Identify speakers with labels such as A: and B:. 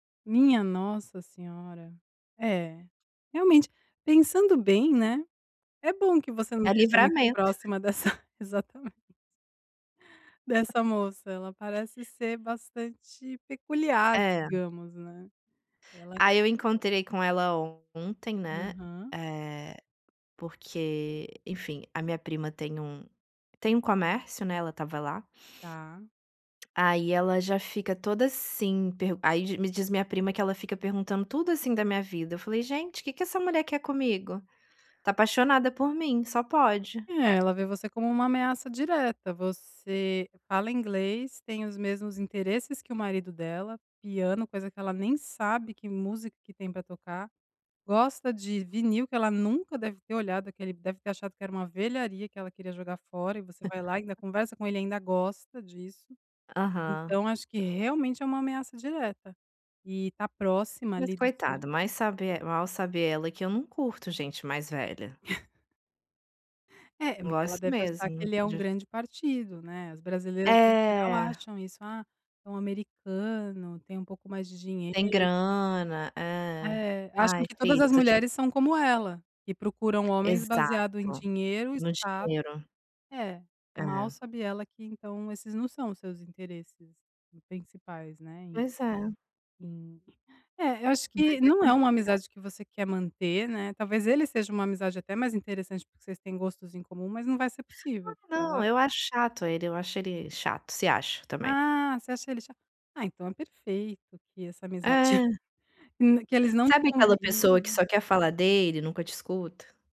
A: Minha nossa senhora, é, realmente, pensando bem, né, é bom que você não
B: É
A: esteja muito
B: livramento.
A: próxima dessa, exatamente dessa moça, ela parece ser bastante peculiar
B: É.
A: digamos, né, ela
B: Aí eu encontrei com ela ontem, né,
A: Aham.
B: eh, porque, enfim, a minha prima tem um tem um comércio, né, ela estava lá
A: Tá.
B: aí ela já fica toda, assim, per aí me diz minha prima que ela fica perguntando tudo, assim, da minha vida, falei gente que que essa mulher quer comigo? Está apaixonada por mim, só pode.
A: É, ela vê você como uma ameaça direta, você fala inglês, tem os mesmos interesses que o marido dela, piano, coisa que ela nem sabe que música que tem para tocar. Gosta de vinil que ela nunca deve ter olhado aquele deve ter achado, que era uma velharia que ela queria jogar fora e você vai lá e ainda conversa com ele e ainda gosta disso,
B: Aham.
A: então, acho que realmente é uma ameaça direta, e está próxima
B: Mas
A: ali do
B: coitada, mas
A: círculo.
B: sabe el mal sabe ela, que eu não curto gente mais velha.
A: É,
B: Não
A: porque ela
B: gosto
A: deve achar que
B: mesmo
A: ele é um
B: de
A: grande partido, né, as brasileiras em geral
B: É.
A: acham isso, ah, é um americano, tem um pouco mais de dinheiro.
B: Tem grana é,
A: Eh, acham
B: ai
A: que todas
B: filha
A: as
B: [unintelligible]
A: mulheres são como ela, e procuram homens baseado em
B: Exato,
A: dinheiro,
B: no
A: status
B: dinheiro.
A: é, e mal
B: Eh.
A: sabe ela, que então, esses não são os seus interesses principais, né,
B: Pois é.
A: hum, é, eu acho
B: Mas
A: que
B: é
A: não é uma
B: complicado.
A: amizade que você quer manter, né, talvez, ele seja uma amizade até mais interessante, porque vocês têm gostos em comum, mas não vai ser
B: Ah
A: possível porque ela
B: não, eu acho chato ele, eu acho ele chato, se acha também.
A: Ah, você acha ele é cha ah então, é perfeito que essa amizade
B: Eh.
A: na que eles não te
B: Sabe, aquela pessoa que
A: convidem.
B: só quer falar dele, e nunca te escuta.